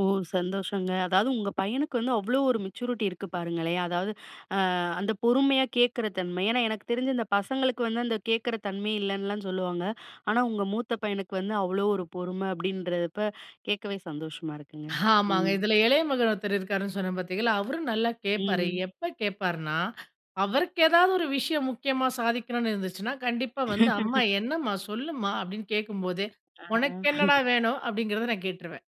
ஓ! சந்தோஷங்க. அதாவது, உங்க பையனுக்கு வந்து அவ்ளோ ஒரு மெச்சூரிட்டி இருக்கு பாருங்களேன், அதாவது அ அந்த பொறுமையா கேட்குற தன்மை. ஏன்னா எனக்கு தெரிஞ்சு இந்த பசங்களுக்கு வந்து, அந்த கேக்குற தன்மையே இல்லன்னுலாம் சொல்லுவாங்க. ஆனா உங்க மூத்த பையனுக்கு வந்து அவ்ளோ ஒரு பொறும அப்டின்றப்ப, கேக்கவே சந்தோஷமா இருக்குங்க, ஆமாங்க, ம். இதுல இளய மகன் ஒருத்தர் இருக்காருன்னு சொன்னேன், பாத்தீகளா அவரும் நல்லா கேப்பாரு. ம். எப்ப கேப்பாருன்னா, அவருக்கு ஏதாவது ஒரு விஷயம் முக்கியமா சாதிக்கணும்னு இருந்துச்சுன்னா! கண்டிப்பா வந்து, "அம்மா என்னம்மா? சொல்லுமா"அப்டின்னு கேக்கும்போதே, ஆ. "உனக்கென்னா டா வேணும்?" அப்டிங்குறது நான் கேட்டுருவேன்.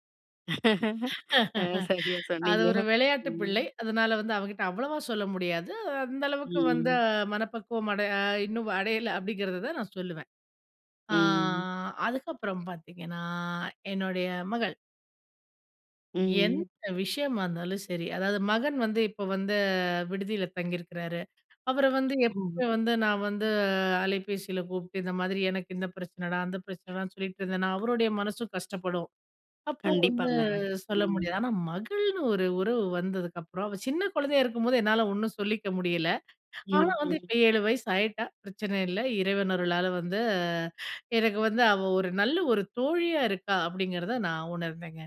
அ, சரியா அது சொன்னீங்க, ஒரு விளயாட்டு ம். பிள்ளை. அதனால வந்து அவங்கிட்ட அவ்வளவா சொல்ல முடியாது. அந்த அளவுக்கு வந்து ம். மனப்பக்குவம் அடை இன்னும் அடையல. அப்டிங்குறத தான் நான் சொல்லுவேன். ஆ, ம். அதுக்கப்புறம் பாத்தீங்கன்னா என்னுடய மகள். ம். எந்த விஷயமா இருந்தாலும் சரி, அதாவது மகன் வந்து இப்ப வந்து, விடுதியில தங்கியிருக்குறாரு. அவர வந்து ம். எப்பவுமே வந்து நான் வந்து, அலைபேசியில கூப்ட்டு, இந்த மாதிரி எனக்கு இந்த பிரச்சனடா, அந்த பிரச்சனடான்னு சொல்லிட்டுருந்தேனா, அவருடைய மனசும் கஷ்டப்படும். அப்போ வந்து கண்டிப்பாங்க, சொல்ல ம். முடியாது, ஆனா மகள்னு ஒரு உறவு வந்ததுக்கப்புறம் அவ சின்ன குழந்தயா இருக்கும்போது, என்னால ஒண்ணும் சொல்லிக்க முடியல. ஆனா ம், வந்து ம். இப்ப 7 வயசு ஆயிட்டா, பிரச்சன இல்ல. இறைவன் அருளால வந்து எனக்கு வந்து அவ ஒரு நல்ல ஒரு தோழியா இருக்கா, அப்டிங்குறத நான் உணர்ந்தேங்க.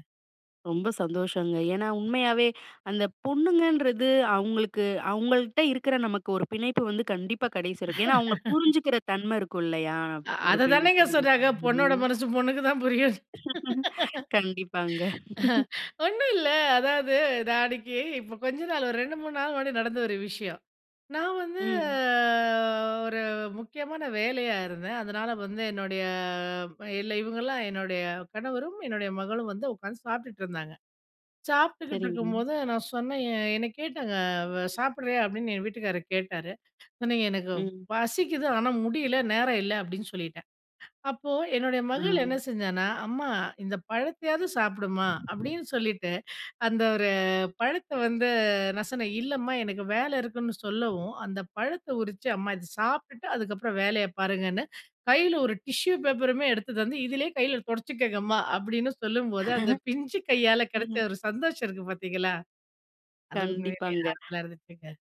ரொம்ப சந்தோஷங்க. ஏன்னா உண்மயாவே, அந்த பொண்ணுங்கன்றது, அவுங்களுக்கு அவங்ள்ட்ட இருக்குற நமக்கு ஒரு பிணைப்பு வந்து கண்டிப்பா கடைசி வரைக்கும் ஏன்னா அவுங்க புரிஞ்சுக்குற தன்ம இருக்கும் இல்லயா? ஒரு அத தானேங்க பெண்ணுக்கு நீங்க சொன்னாங்க, [unintelligible] பொண்ணோட ம். மனசு பொண்ணுக்குதான் புரியும்னு. கண்டிப்பாங்க. அஹ ஒண்ணும் இல்ல, அதாது நான் அன்னைக்கு இப்போ கொஞ்ச நாளு, ஒரு 2- 3 நாள் முன்னாடி நடந்த ஒரு விஷயம். நான் வந்து ம். ஒரு முக்கியமான வேலயா இருந்தேன், அதனால வந்து என்னுடய இல்ல இவங்கலாம் என்னுடய கணவரும், என்னுடய மகளும் வந்து உக்காந்து சாப்ட்டுட்டு இருந்தாங்க. சாப்ட்டுகிட்டு இருக்கும் சரிங்க. போது நான் சொன்னேன் எ என்ன கேட்டாங்க அ வ சாப்பிடுரியா? அப்டின்னு என் வீட்டுக்காரர் கேட்டாரு. சொன்னேன், "எனக்கு ம். பசிக்குது. ஆனா முடியல, நேரம் இல்ல" அப்டின்னு சொல்லிட்டேன். அப்போ என்னுடய மகள் என்ன ஆ. செஞ்சான்னா "அம்மா, இந்த பழத்தயாவது சாப்புடுமா" அப்டின்னு சொல்லிட்டு, அந்த ஒரு பழத்த வந்து நான் சொன்னேன், இல்லம்மா எனக்கு வேல இருக்குன்னு சொல்லவும், அந்த பழத்த உரிச்சு அம்மா இத சாப்ட்டுட்டு அதுக்கப்புறம் வேலய பாருங்கன்னு, கையில ஒரு டிஷ்யூ பேப்பருமே எடுத்து தந்து, "இதுலயே கையில துடச்சுக்கோங்கம்மா" அப்டின்னு சொல்லும்போது, அந்த பிஞ்சு கையால கெடச்ச ம். ஒரு சந்தோஷம் இருக்கு பாத்தீங்களா, அது உண்மையிலயே கண்டிப்பாங்க. ஆறுதல இருந்துச்சுங்க.